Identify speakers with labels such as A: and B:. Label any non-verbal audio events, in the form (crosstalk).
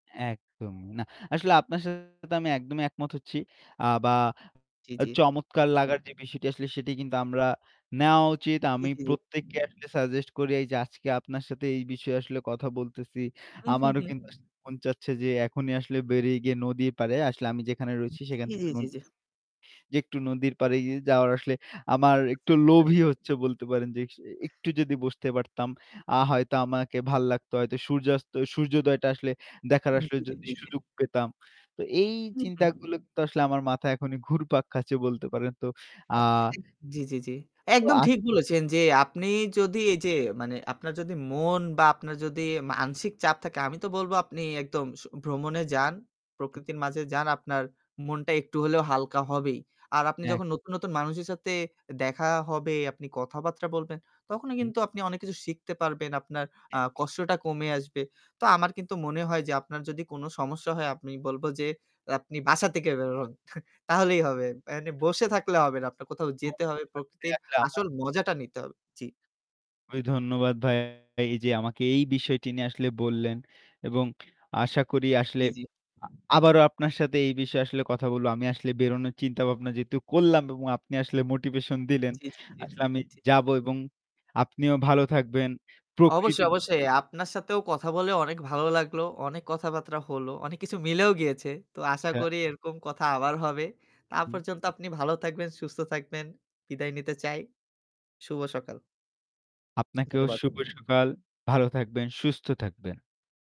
A: একদম। না, আসলে আপনার সাথে আমি একদমই একমত হচ্ছি। আ বা
B: জি,
A: আ
B: জি।
A: চমৎকার লাগার যে বিষয়টি আসলে সেটি কিন্তু আমরা নেওয়া উচিত।
B: জি,
A: আমি
B: জি, জি।
A: প্রত্যেককে আসলে suggest করি। এইযে আজকে আপনার সাথে এই বিষয়ে আসলে কথা বলতেছি,
B: হুম, হুম,
A: আমারও
B: হুম।
A: কিন্তু আসলে মন চাচ্ছে যে এখনই আসলে বেরিয়ে গিয়ে নদীর পাড়ে আসলে আমি যেখানে
B: উ
A: রয়েছি সেখান
B: জি, জি,
A: থেকে
B: জি,
A: নদী
B: জি।
A: যে একটু নদীর পাড়ে গি যাওয়ার আসলে আমার
B: আচ্ছা,
A: একটু
B: আচ্ছা, আচ্ছা।
A: লোভই হচ্ছে বলতে পারেন যে স একটু যদি বসতে পারতাম আ হয়তো আমাকে ভালো লাগতো। হয়তো সূর্যাস্ত, সূর্যোদয়টা আসলে দেখার
B: হুম,
A: আসলে
B: জি, জি,
A: যদি
B: জি, জি।
A: সুযোগ পেতাম। তো এই
B: হু, হুম।
A: চিন্তাগুলো কিন্তু আসলে আমার মাথায় এখনই ঘুরপাক খাচ্ছে বলতে পারেন তো। আ
B: হ্যাঁ, হ্যাঁ। ইক জি, জি, জি।
A: তো
B: একদম
A: আ
B: ঠিক বলেছেন যে আপনি যদি এইযে মানে আপনার যদি মন বা আপনার যদি মানসিক চাপ থাকে, আমি তো বলব আপনি একদম স ভ্রমণে যান,
A: উ
B: প্রকৃতির মাঝে যান। আপনার মনটা একটু হলেও হালকা হবেই। আর আপনি
A: এক
B: যখন নতুন, নতুন মানুষের সাথে এ দেখা হবে, আপনি কথাবার্তা বলবেন তখনই
A: হুম।
B: কিন্তু আপনি অনেক কিছু শিখতে পারবেন। আপনার আ
A: হ্যাঁ।
B: কষ্টটা কমে আসবে। তো আমার কিন্তু মনে হয় যে আপনার যদি কোনো সমস্যা হয় আমি বলব যে আপনি বাসা থেকে বের হন। (chuckles) তাহলেই হবে। মানে বসে থাকলে হবে না। আপনার কোথাও
A: (unintelligible)
B: যেতে হবে। প্রকৃতির
A: একটা আমার।
B: আসল মজাটা নিতে হবে। জি।
A: খুবই ধন্যবাদ ভাইয়া এইযে আমাকে এই বিষয়টি নিয়ে আসলে বললেন এবং আশা করি আসলে
B: জি, জি।
A: আ আবারও আপনার সাথে এই বিষয়ে আসলে কথা বলবো। আমি আসলে বেরোনোর চিন্তাভাবনা যেহেতু করলাম এবং আপনি আসলে motivation দিলেন।
B: জি, জি, জি,
A: আসলে আমি
B: জি।
A: যাব এবং আপনিও ভালো থাকবেন। প্রকৃতি
B: অবশ্যই, অবশ্যই। আপনার সাথেও কথা বলে অনেক ভালো লাগলো। অনেক কথাবার্তা হলো। অনেক কিছু মিলেও গিয়েছে। তো আশা
A: হ্যাঁ।
B: করি এরকম কথা আবার হবে। তা
A: হু।
B: পর্যন্ত আপনি ভালো থাকবেন, সুস্থ থাকবেন। বিদায় নিতে চাই। শুভ সকাল।
A: আপনাকেও
B: ধন্যবাদ।
A: শুভ সকাল। ভালো থাকবেন, সুস্থ থাকবেন।